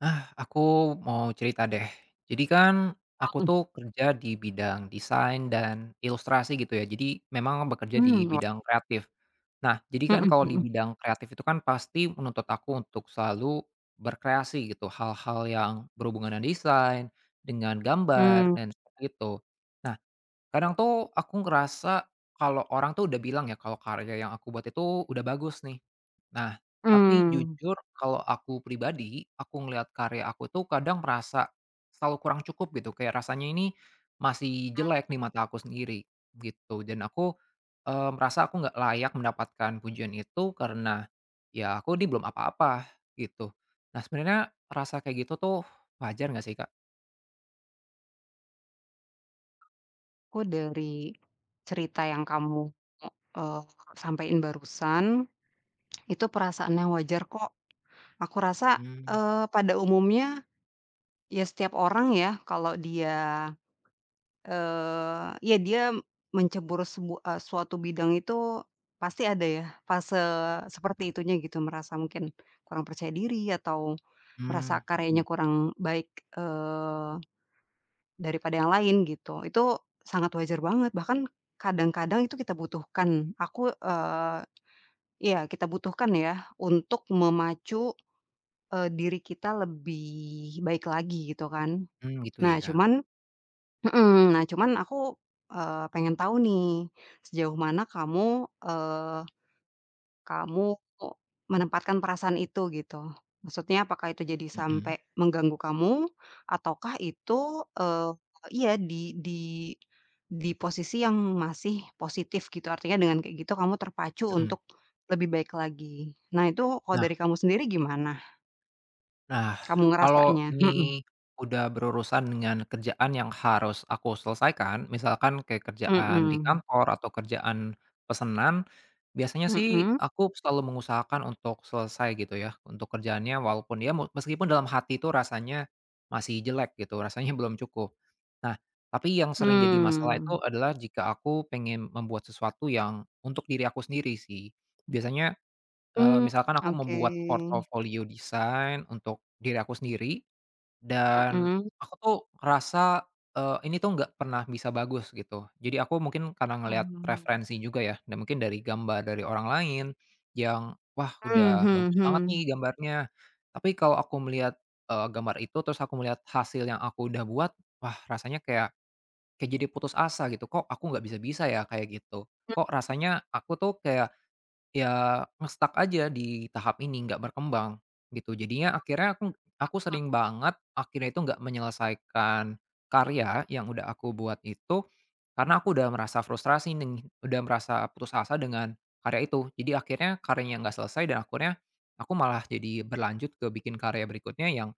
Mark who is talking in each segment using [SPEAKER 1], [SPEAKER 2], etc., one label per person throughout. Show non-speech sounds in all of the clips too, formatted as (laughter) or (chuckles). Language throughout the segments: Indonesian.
[SPEAKER 1] Ah, aku mau cerita deh. Jadi kan aku
[SPEAKER 2] Hmm.
[SPEAKER 1] tuh kerja di bidang desain dan ilustrasi gitu ya, jadi memang bekerja di
[SPEAKER 2] Mmm, o
[SPEAKER 1] bidang kreatif. Nah, jadi kan
[SPEAKER 2] Hmm
[SPEAKER 1] kalau di
[SPEAKER 2] hmm.
[SPEAKER 1] bidang kreatif itu kan pasti menuntut aku untuk selalu berkreasi gitu, hal-hal yang berhubungan dengan desain, dengan gambar
[SPEAKER 2] Hmm.
[SPEAKER 1] dan seperti itu. Nah, kadang tuh aku ngerasa kalau orang tuh udah bilang ya kalau karya yang aku buat itu udah bagus nih. Nah, tapi
[SPEAKER 2] Mmm.
[SPEAKER 1] jujur kalau aku pribadi, aku ngelihat karya aku tuh kadang merasa selalu kurang cukup gitu kayak rasanya ini masih
[SPEAKER 2] Mmm.
[SPEAKER 1] jelek di mata aku sendiri gitu dan aku, mmm, merasa aku nggak layak mendapatkan pujian itu karena ya aku ini belum apa-apa gitu. Nah, sebenarnya rasa kayak gitu tuh wajar nggak sih, Kak?
[SPEAKER 2] Aku dari, cerita yang kamu, eee, sampein barusan, itu perasaan yang wajar kok. Aku asa,
[SPEAKER 1] Hmm.
[SPEAKER 2] eee, pada umumnya ya setiap orang yah kalau dia, eee, ya dia mencebur sebua eee, suatu bidang itu pasti ada yah fase seperti itunya gitu. Merasa mungkin kurang percaya diri atau merasa
[SPEAKER 1] Mmm, hmm.
[SPEAKER 2] karyanya kurang baik, eee, daripada yang lain gitu. Itu sangat wajar banget, bahkan kadang-kadang itu kita butuhkan. Aku, eee iya kita butuhkan yah untuk memacu, eee, diri kita lebih baik lagi gitu kan.
[SPEAKER 1] Hmm, gitu
[SPEAKER 2] Nah
[SPEAKER 1] ya.
[SPEAKER 2] cuman hmm, nah cuman aku, eee, pengen tau nih sejauh mana kamu, eee, kamu menempatkan perasaan itu gitu. Maksudnya apakah itu jadi
[SPEAKER 1] Hmm.
[SPEAKER 2] sampe mengganggu kamu ataukah itu, eee, iya di di di posisi yang masih positif gitu artinya dengan kayak gitu kamu terpacu
[SPEAKER 1] Hmm.
[SPEAKER 2] untuk lebih baik lagi. Nah itu kalau
[SPEAKER 1] Nah.
[SPEAKER 2] dari kamu sendiri gimana?
[SPEAKER 1] Nah,
[SPEAKER 2] Kamu
[SPEAKER 1] kalau
[SPEAKER 2] ngerasanya, mhm.
[SPEAKER 1] ini udah berurusan dengan kerjaan yang harus aku selesaikan misalkan kayak kerjaan di
[SPEAKER 2] Mhm.
[SPEAKER 1] kantor atau kerjaan pesenan, biasanya sih
[SPEAKER 2] Mhm.
[SPEAKER 1] aku selalu mengusahakan untuk selesai gitu ya untuk kerjaannya, walaupun ya meskipun dalam hati itu rasanya masih jelek gitu rasanya belum cukup. Nah, tapi yang sering jadi masalah itu
[SPEAKER 2] Hmm.
[SPEAKER 1] adalah jika aku pengen membuat sesuatu yang untuk diri aku sendiri sih. Biasanya, eee,
[SPEAKER 2] Mmm,
[SPEAKER 1] misalkan aku
[SPEAKER 2] oke.
[SPEAKER 1] membuat portofolio desain untuk diri aku sendiri dan
[SPEAKER 2] Mhm.
[SPEAKER 1] aku tuh ngerasa, eee, ini tuh nggak pernah bisa bagus gitu. Jadi aku mungkin karena ngelihat
[SPEAKER 2] Hmm.
[SPEAKER 1] referensi juga ya dan mungkin dari gambar dari orang lain yang, "Wah,
[SPEAKER 2] Mhm
[SPEAKER 1] udah
[SPEAKER 2] mhm
[SPEAKER 1] bagus banget nih
[SPEAKER 2] mhm.
[SPEAKER 1] gambarnya." Tapi kalau aku melihat, eee, gambar itu terus aku melihat hasil yang aku udah buat, wah rasanya kayak kayak jadi putus asa gitu. Kok aku nggak bisa-bisa ya kayak gitu? Kok rasanya aku tuh kayak, ya nge-stuck aja di tahap ini, nggak berkembang gitu. Jadinya akhirnya aku aku
[SPEAKER 2] (unintelligible)
[SPEAKER 1] sering banget akhirnya itu nggak menyelesaikan karya yang udah aku buat itu, karena aku udah merasa frustrasi neng udah merasa putus asa dengan karya itu. Jadi akhirnya karyanya nggak selesai dan akhirnya aku malah jadi berlanjut ke bikin karya berikutnya yang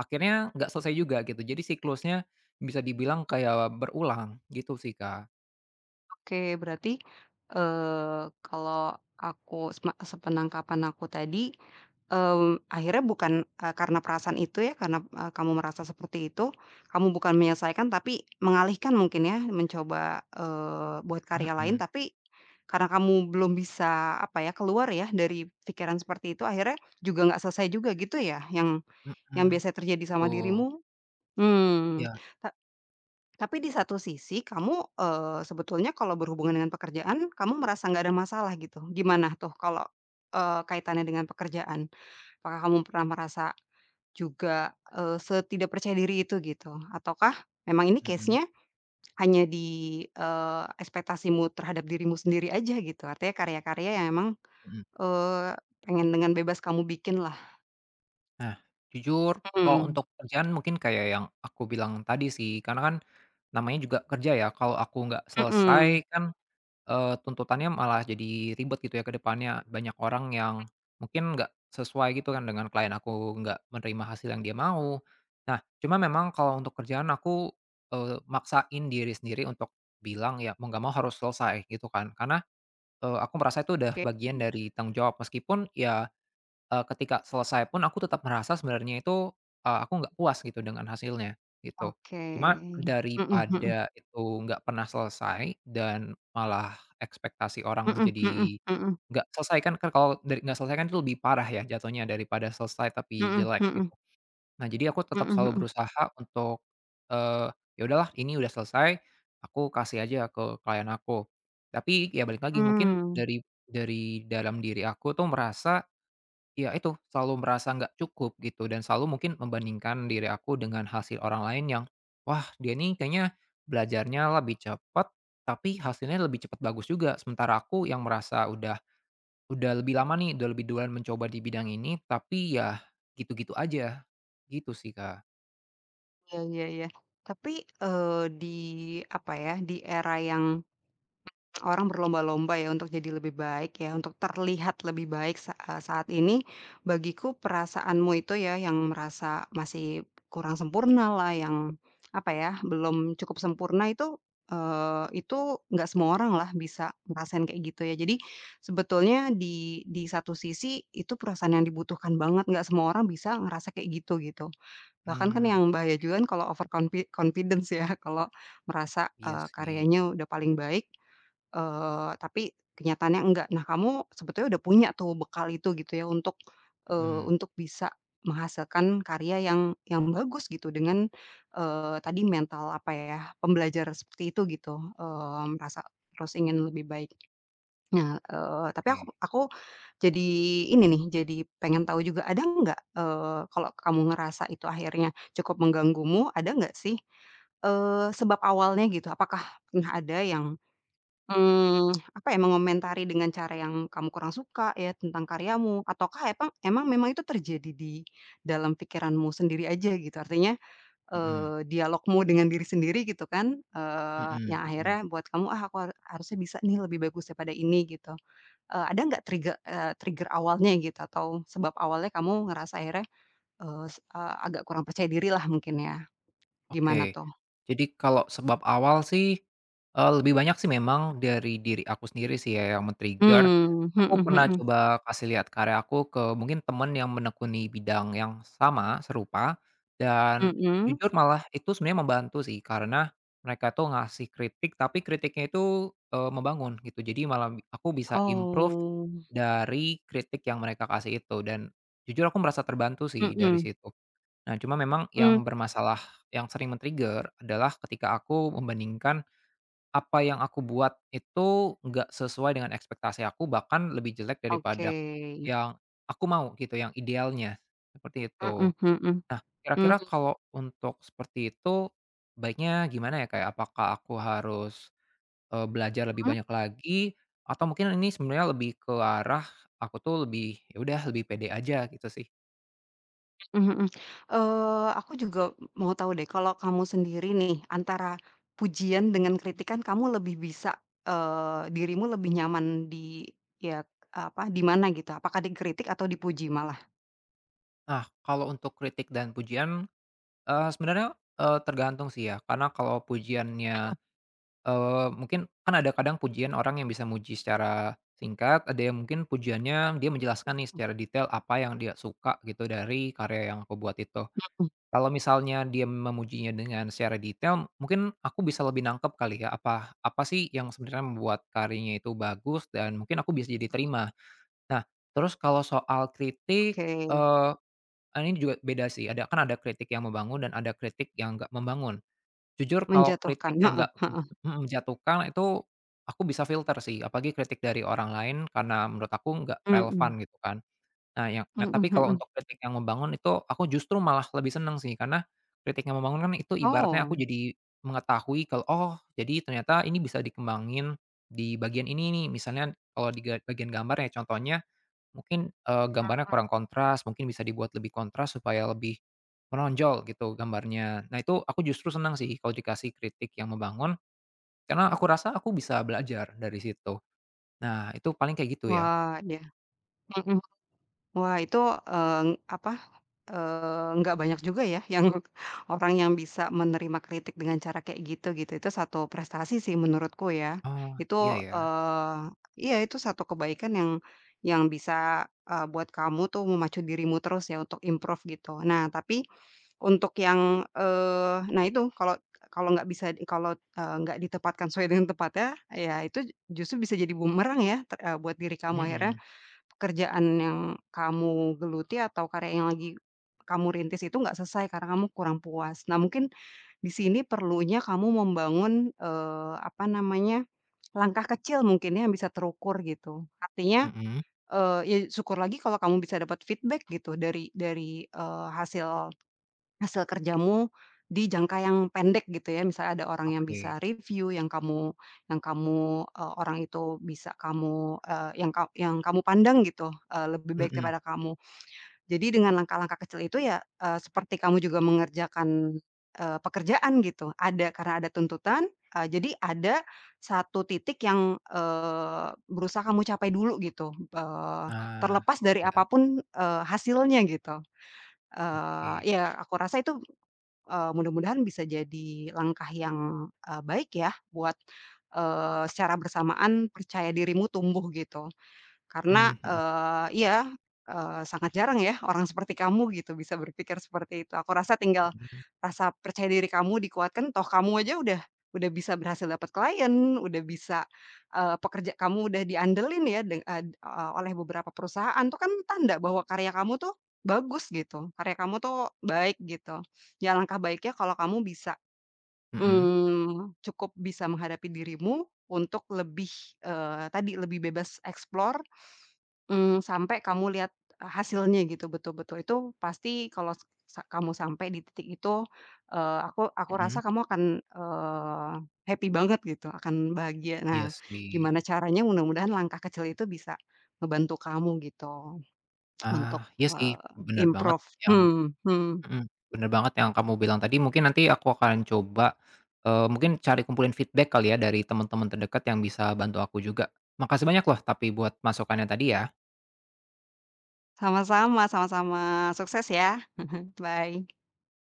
[SPEAKER 1] akhirnya nggak selesai juga gitu. Jadi siklusnya bisa dibilang kayak berulang, gitu sih Kak.
[SPEAKER 2] Oke, berarti, eee, kalau aku sep sepenangkapan aku tadi, eee, akhirnya bukan e karena perasaan itu ya, karena m kamu merasa seperti itu, kamu bukan menyelesaikan tapi mengalihkan mungkin ya, mencoba, eee, buat karya lain,
[SPEAKER 1] Mhm.
[SPEAKER 2] tapi karena kamu belum bisa, apa ya, keluar ya dari pikiran seperti itu, akhirnya juga nggak selesai juga, gitu ya, yang yang
[SPEAKER 1] Mhm.
[SPEAKER 2] biasa terjadi sama
[SPEAKER 1] Betul.
[SPEAKER 2] dirimu. Hmm,
[SPEAKER 1] Iya.
[SPEAKER 2] he tapi di satu sisi, kamu, eee, sebetulnya kalau berhubungan dengan pekerjaan kamu merasa nggak ada masalah, gitu. Gimana tuh kalau, eee, kaitannya dengan pekerjaan? Apakah kamu pernah merasa juga, eee, setidak percaya diri itu, gitu? Ataukah memang ini
[SPEAKER 1] Mhm.
[SPEAKER 2] case-nya hanya di, eee, ekspektasimu terhadap dirimu sendiri aja, gitu? Artinya karya-karya yang memang,
[SPEAKER 1] Hmm.
[SPEAKER 2] eee, pengen dengan bebas kamu bikinlah.
[SPEAKER 1] Nah, jujur kalau
[SPEAKER 2] Mhm.
[SPEAKER 1] untuk kerjaan mungkin kayak yang aku bilang tadi sih, karena kan namanya juga kerja ya, kalau aku nggak selesai
[SPEAKER 2] Mhm.
[SPEAKER 1] kan, eee, tuntutannya malah jadi ribet, gitu ya, ke depannya. Banyak orang yang mungkin nggak sesuai, gitu kan, dengan client aku, nggak menerima hasil yang dia mau. Nah, cuma memang kalau untuk kerjaan, aku, eee, maksain diri sendiri untuk bilang, ya mau nggak mau harus selesai, gitu kan, karena, eee, aku merasa itu udah
[SPEAKER 2] Oke.
[SPEAKER 1] bagian dari tanggung jawab, meskipun ya, eee, ketika selesai pun aku tetap merasa sebenarnya itu, eee, aku nggak puas gitu, dengan hasilnya, gitu.
[SPEAKER 2] Oke,
[SPEAKER 1] Cuma
[SPEAKER 2] mhm mhm.
[SPEAKER 1] daripada itu nggak pernah selesai dan malah ekspektasi orang
[SPEAKER 2] Mhm mhm
[SPEAKER 1] jadi
[SPEAKER 2] mhm.
[SPEAKER 1] nggak selesai kan, Kak, kalau dari nggak selesai kan itu lebih parah ya, jatuhnya, daripada selesai tapi
[SPEAKER 2] Mhm
[SPEAKER 1] jelek,
[SPEAKER 2] mhm.
[SPEAKER 1] gitu. Nah, jadi aku tetap
[SPEAKER 2] Mhm
[SPEAKER 1] selalu
[SPEAKER 2] mhm.
[SPEAKER 1] berusaha untuk, eee, ya udahlah, ini udah selesai, aku kasih aja ke client aku. Tapi ya balik lagi, mungkin
[SPEAKER 2] Mmm.
[SPEAKER 1] dari dari dalam diri aku tuh, merasa ya itu, selalu merasa nggak cukup gitu dan selalu mungkin membandingkan diri aku dengan hasil orang lain yang wah, dia nih kayaknya belajarnya lebih cepat, tapi hasilnya lebih cepat bagus juga. Sementara aku yang merasa udah udah lebih lama nih, udah lebih duluan mencoba di bidang ini, tapi ya gitu-gitu aja, gitu sih, Kak.
[SPEAKER 2] Iya iya iya. Tapi eee, di apa ya, di era yang (unintelligible) orang berlomba-lomba ya untuk jadi lebih baik ya, untuk terlihat lebih baik sa e saat ini bagiku perasaanmu itu ya yang merasa masih kurang sempurnalah, yang apa ya, belum cukup sempurna itu, eee, itu enggak semua orang lah bisa ngerasain kayak gitu ya. Jadi sebetulnya di di satu sisi itu perasaan yang dibutuhkan banget, enggak semua orang bisa ngerasa kayak gitu, gitu. Bahkan kan
[SPEAKER 1] Mmm
[SPEAKER 2] yang bahaya juga
[SPEAKER 1] oke.
[SPEAKER 2] kan kalau over confi confidence ya kalau merasa
[SPEAKER 1] Iya
[SPEAKER 2] eee,
[SPEAKER 1] sih.
[SPEAKER 2] karyanya udah paling baik, eee, tapi kenyataannya enggak. Nah, kamu sebetulnya udah punya tuh bekal itu gitu ya, untuk, eee,
[SPEAKER 1] Hmm.
[SPEAKER 2] untuk bisa menghasilkan karya yang yang bagus gitu dengan, eee, tadi mental apa ya, pembelajar seperti itu gitu, eee merasa terus ingin lebih baik. Nah, eee tapi ak
[SPEAKER 1] Oke.
[SPEAKER 2] aku jadi ini nih jadi pengen tahu juga, ada enggak, eee kalau kamu ngerasa itu akhirnya cukup mengganggumu, ada enggak sih, eee, sebab awalnya gitu, apakah pernah ada yang, hmm (tsk) apa ya, mengomentari dengan cara yang kamu kurang suka ya tentang karyamu ataukah epang emang memang itu terjadi di dalam pikiranmu sendiri aja gitu? Artinya,
[SPEAKER 1] Hmm.
[SPEAKER 2] eee, dialogmu dengan diri sendiri gitu kan? Eee,
[SPEAKER 1] Hmm,
[SPEAKER 2] yang
[SPEAKER 1] hmm.
[SPEAKER 2] akhirnya buat kamu, "Ah aku har harusnya bisa nih lebih bagus daripada ini," gitu. Eee ada enggak triggek eee trigger awalnya gitu atau sebab awalnya kamu ngerasa akhirnya, eee, ag agak kurang percaya diri lah mungkin ya. Gimana
[SPEAKER 1] Oke,
[SPEAKER 2] tuh?
[SPEAKER 1] jadi kalau sebab awal sih, eee, lebih banyak sih memang dari diri aku sendiri sih ya yang men trigger.
[SPEAKER 2] Hmm,
[SPEAKER 1] Aku
[SPEAKER 2] mhm
[SPEAKER 1] pernah
[SPEAKER 2] mhm.
[SPEAKER 1] coba kasih lihat karya aku ke mungkin teman yang menekuni bidang yang sama, serupa dan
[SPEAKER 2] Hmm.
[SPEAKER 1] jujur malah itu sebenarnya membantu sih. Karena mereka tuh ngasih kritik tapi kritiknya itu, eee, membangun gitu. Jadi malah aku bisa improve
[SPEAKER 2] Oh.
[SPEAKER 1] dari kritik yang mereka kasih itu dan jujur aku merasa terbantu sih dari
[SPEAKER 2] Hmm.
[SPEAKER 1] situ. Nah, cuma memang
[SPEAKER 2] Hmm.
[SPEAKER 1] yang bermasalah yang sering men-trigger adalah ketika aku membandingkan apa yang aku buat itu gak sesuai dengan ekspektasi aku bahkan lebih jelek
[SPEAKER 2] Oke.
[SPEAKER 1] daripada yang aku mau gitu, yang idealnya, seperti itu.
[SPEAKER 2] Mhm mhm.
[SPEAKER 1] Nah,
[SPEAKER 2] Hmm.
[SPEAKER 1] kira-kira kalau untuk seperti itu, baiknya gimana ya Kak, ya, apakah aku harus, eee belajar lebih
[SPEAKER 2] Mhm.
[SPEAKER 1] banyak lagi? Atau mungkin ini sebenarnya lebih ke arah aku tuh lebih, "Ya udah lebih pede aja," gitu sih.
[SPEAKER 2] Mhm mhm. Eee aku juga m mau tahu deh, kalau kamu sendiri nih antara pujian dengan kritikan kamu lebih bisa, eee, dirimu lebih nyaman di ya apa, di mana gitu? Apakah dikritik atau dipuji malah?
[SPEAKER 1] Nah, kalau untuk kritik dan pujian, eee, sebenarnya, eee, tergantung sih ya karena kalau pujiannya,
[SPEAKER 2] (unintelligible)
[SPEAKER 1] eee, mungkin kan ada kadang pujian orang yang bisa muji secara singkat ada yang mungkin pujiannya dia menjelaskan nih
[SPEAKER 2] (unintelligible)
[SPEAKER 1] secara detail apa yang dia suka gitu dari karya yang aku buat itu.
[SPEAKER 2] Apa tuh?
[SPEAKER 1] Kalau misalnya dia memujinya dengan secara detail mungkin aku bisa lebih nangkep kali ya apa, apa sih yang sebenarnya membuat karyanya itu bagus dan mungkin aku bisa jadi terima. Nah, terus kalau soal kritik,
[SPEAKER 2] Oke.
[SPEAKER 1] eee, ini juga beda sih ada kan ada kritik yang membangun dan ada kritik yang nggak membangun. Jujur kalau
[SPEAKER 2] Menjatuhkan.
[SPEAKER 1] kritik yang
[SPEAKER 2] Heeh
[SPEAKER 1] nggak me
[SPEAKER 2] heeh.
[SPEAKER 1] menjatuhkan itu aku bisa filter sih apalagi kritik dari orang lain karena menurut aku nggak relevan
[SPEAKER 2] Hmm.
[SPEAKER 1] gitu kan. Nah, yang nah tapi
[SPEAKER 2] Hmm
[SPEAKER 1] kalau
[SPEAKER 2] hmm.
[SPEAKER 1] untuk kritik yang membangun itu aku justru malah lebih senang sih karena kritik yang membangun kan itu ibaratnya aku
[SPEAKER 2] Oh.
[SPEAKER 1] jadi mengetahui kalau, "Oh jadi ternyata ini bisa dikembangin di bagian ini nih," misalnya kalau di ga bagian gambar ya contohnya mungkin, eee, gambarnya
[SPEAKER 2] Hmm.
[SPEAKER 1] kurang kontras mungkin bisa dibuat lebih kontras supaya lebih menonjol gitu gambarnya. Nah, itu aku justru senang sih kalau dikasih kritik yang membangun karena aku rasa aku bisa belajar dari situ. Nah, itu paling kayak gitu ya.
[SPEAKER 2] Wah yah, hmm. Wah itu, eee, apa, eee, nggak banyak juga ya, yang, e orang yang bisa menerima kritik dengan cara kayak gitu, gitu itu satu prestasi sih menurutku ya.
[SPEAKER 1] Oh, iya
[SPEAKER 2] Itu,
[SPEAKER 1] ya.
[SPEAKER 2] eee, iya itu sat kebaikan yang yang bisa, e buat kamu tuh memacu dirimu terus ya untuk improve gitu. Nah tapi untuk yang, eee, nah itu kalau kalau nggak bisa kalau, eee, nggak ditepatkan sesuai dengan tempatnya ya itu, j justru bisa jadi bumerang ya ter e buat diri kamu akhirnya,
[SPEAKER 1] Hmm.
[SPEAKER 2] pekerjaan yang kamu geluti atau karya yang lagi kamu rintis itu nggak selesai karena kamu kurang puas. Nah mungkin, di sini perlunya kamu membangun, eee, apa namanya, langkah kecil mungkin yang bisa terukur gitu. Artinya,
[SPEAKER 1] Hmm.
[SPEAKER 2] eee, ya syukur lagi kalau kamu bisa dapat feedback gitu dari dari, eee, hasil hasil kerjamu di jangka yang pendek gitu ya, misalnya ada orang yang
[SPEAKER 1] Oke.
[SPEAKER 2] bisa reviu yang kamu yang kamu e orang itu bisa kamu, eee, yang ka yang kamu pandang gitu, eee, lebih baik
[SPEAKER 1] Hmm.
[SPEAKER 2] daripada kamu. Jadi dengan langkah-langkah kecil itu ya, eee, seperti kamu juga mengerjakan, eee, pekerjaan gitu, ada karena ada tuntutan, e jadi ada satu titik yang, eee, berusaha kamu capai dulu gitu. Eee,
[SPEAKER 1] Ah
[SPEAKER 2] terlepas dari
[SPEAKER 1] iya.
[SPEAKER 2] apapun, eee, hasilnya gitu. Eee,
[SPEAKER 1] Oke.
[SPEAKER 2] ya aku rasa itu, eee, mudah-mudahan bisa jadi langkah yang, e baik ya buat, eee, secara bersamaan percaya dirimu tumbuh gitu. Karena,
[SPEAKER 1] Mmm hmm.
[SPEAKER 2] eee, iya, eee, sangat jarang ya orang seperti kamu gitu bisa berpikir seperti itu. Aku rasa tinggal
[SPEAKER 1] Hmm.
[SPEAKER 2] rasa percaya diri kamu dikuatkan toh kamu aja udah udah bisa berhasil dapat klien, udah bisa, eee, pekerja kamu udah diandelin ya de eee, o oleh beberapa perusahaan itu kan tanda bahwa karya kamu tuh bagus gitu, karya kamu tuh baik gitu. Ya langkah baiknya kalau kamu bisa,
[SPEAKER 1] Hmm.
[SPEAKER 2] mmm, cukup bisa menghadapi dirimu untuk lebih, eee, tadi, lebih bebas explore, mmm, sampai kamu lihat a hasilnya gitu betul-betul itu pasti kalau s sa kamu sampai di titik itu, eee, aku, aku
[SPEAKER 1] Hmm.
[SPEAKER 2] rasa kamu akan, eee, happy banget gitu akan bahagia.
[SPEAKER 1] Iya
[SPEAKER 2] Nah
[SPEAKER 1] sih.
[SPEAKER 2] gimana caranya mudah-mudahan langkah kecil itu bisa ngebantu kamu gitu, (smacks lips) untuk,
[SPEAKER 1] Ah, iya sih
[SPEAKER 2] eee,
[SPEAKER 1] bener banget
[SPEAKER 2] improve
[SPEAKER 1] yang
[SPEAKER 2] hmm hmm.
[SPEAKER 1] hmm bener banget yang kamu bilang tadi mungkin nanti aku akan coba, eee, mungkin cari kumpulin feedback kali ya dari temen-temen terdekat yang bisa bantu aku juga. Makasih banyak loh tapi buat masukannya tadi ya.
[SPEAKER 2] Sama-sama sama-sama sukses ya. (chuckles) Bye.